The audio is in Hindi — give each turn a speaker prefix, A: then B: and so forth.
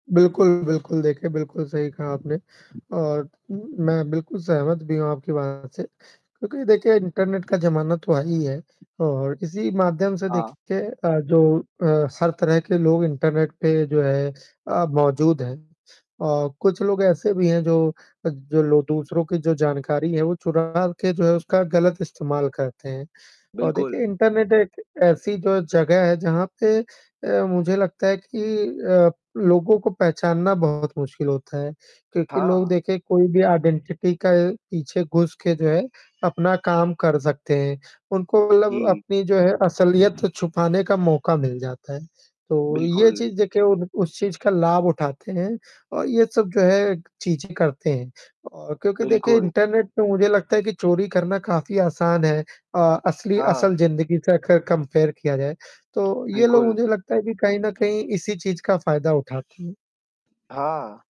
A: बिल्कुल, बिल्कुल देखें, बिल्कुल सही कहा आपने और उम, मैं बिल्कुल सहमत भी हूँ आपकी बात से क्योंकि देखिए इंटरनेट का ज़माना तो आई है और इसी माध्यम से
B: हाँ।
A: देखिए अ, जो अ, सर तरह के लोग इंटरनेट पे जो है अ, मौजूद हैं और कुछ लोग ऐसे भी हैं जो अ, जो लो दूसरों की जो जानकारी है, वो चुरा के जो है उसका गलत इस्तेमाल करते हैं और
B: बिल्कुल।
A: देखिए, इंटरनेट एक ऐसी जो जगह है जहाँ पे अ, मुझे लगता है कि अ, लोगों को पहचानना बहुत मुश्किल होता है क्योंकि
B: हाँ,
A: लोग
B: हाँ।
A: देखें कोई भी आइडेंटिटी का पीछे घुस के जो है अपना काम कर सकते हैं, उनको मतलब
B: जी।
A: अपनी जो है, असलियत छुपाने का मौका मिल जाता है। तो ये
B: बिल्कुल।
A: चीज़ देखिए उन उस चीज़ का लाभ उठाते हैं अ, ये सब जो है, चीज़ें करते हैं और क्योंकि देखिए,
B: बिल्कुल।
A: इंटरनेट पे मुझे लगता है कि चोरी करना काफ़ी आसान है अ, असली
B: हाँ।
A: असल ज़िंदगी से अगर कंपेयर किया जाए, तो ये लोग
B: बिल्कुल।
A: मुझे लगता है कि कहीं न कहीं इसी चीज़ का फ़ायदा उठाते हैं।
B: हाँ।